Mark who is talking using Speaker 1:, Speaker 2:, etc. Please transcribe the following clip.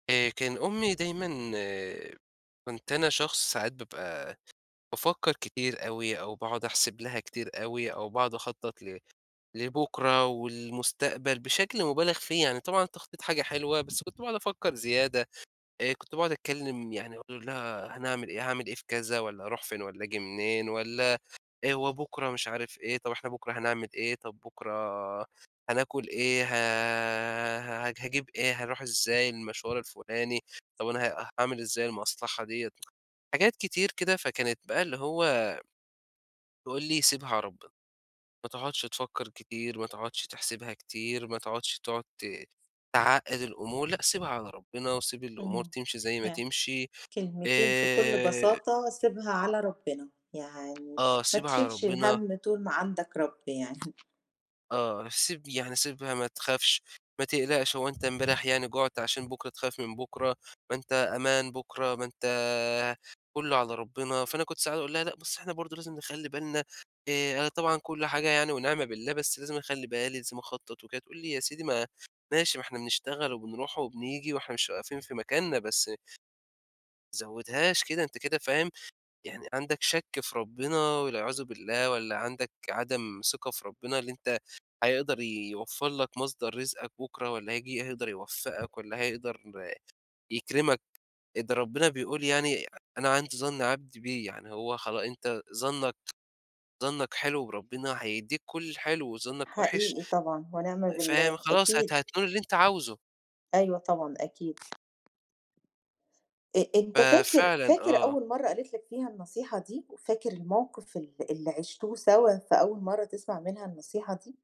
Speaker 1: آآ كان أمي دايمًا كنت أنا شخص ساعات بابقى بافكّر كتير أوي أو باقعد أحسب لها كتير أوي أو باقعد أخطّط ل لبُكرة والمستقبل بشكل مبالغ فيه. يعني طبعًا التخطيط حاجة حلوة، بس كنت باقعد أفكّر زيادة، آآ كنت باقعد أتكلّم يعني أقول لها هنعمل إيه، هاعمل إيه في كذا والّا هاروح فين والّا آجي منين والّا إيه هو بُكرة مش عارف إيه، طب إحنا بُكرة هنعمل إيه، طب بُكرة هناكل إيه، ه هاج هاجيب إيه، هاروح إزاي المشوار الفُلاني، طب أنا ه هاعمل إزاي المصلحة ديّة؟ حاجات كتير كده، فكانت بقى اللي هو تقول لي: "سيبها على ربنا. ما تقعُدش تفكّر كتير، ما تقعُدش تحسبها كتير، ما تقعُدش تقعد ت تعقّد الأمور لأ سيبها على ربنا وسيب الأمور
Speaker 2: إمم.
Speaker 1: تمشي زي ما
Speaker 2: ي
Speaker 1: تمشي."
Speaker 2: كلمتين في كل
Speaker 1: آآ
Speaker 2: بساطة سيبها على ربنا. يعني
Speaker 1: آه.
Speaker 2: ما
Speaker 1: سيبها على
Speaker 2: تشيلش
Speaker 1: ربنا.
Speaker 2: الهَم طول ما عندك رب يعني.
Speaker 1: آه. سيب يعني سيبها ما تخافش، ما تقلقش هو أنت امبارح يعني جُعت عشان بُكرة تخاف من بُكرة؟ ما أنت أمان بُكرة، ما أنت كُلّه على ربنا. فأنا كنت ساعات أقول لها: "لأ بس إحنا برضه لازم نخلّي بالنا آآ أنا طبعًا كل حاجة يعني ونعمة بالله بس لازم أخلّي بالي، لازم أخطّط وكده" تقول لي: "يا سيدي ما ماشي ما إحنا بنشتغل وبنروح وبنيجي وإحنا مش واقفين في مكاننا بس" ما تزوّدهاش كده أنت كده فاهم يعني عندك شَك في ربنا والعياذ بالله والّا عندك عدم ثقة في ربنا اللي أنت هيقدر يوفّر لك مصدر رزقك بُكرة والّا هييجي يقدر يوفّقك والّا هيقدر يكرمك إد ربنا بيقول يعني أنا عند ظَن عبدي بي. يعني هو خلاص أنت ظنّك ظنّك حلو وربنا هيدّيك كل الحلو وظنّك وِحِش.
Speaker 2: حقيقي طبعًا ونعم
Speaker 1: فاهم؟
Speaker 2: بالله
Speaker 1: خلاص هت
Speaker 2: أكيد.
Speaker 1: هتنول اللي أنت عاوزه.
Speaker 2: أيوه طبعًا أكيد أ أنت فاكر
Speaker 1: ففعلًا
Speaker 2: فاكر
Speaker 1: آه.
Speaker 2: أول مرّة قالت لك فيها النصيحة دي؟ وفاكر الموقف ال اللي عشتوه سوا في أول مرّة تسمع منها النصيحة دي؟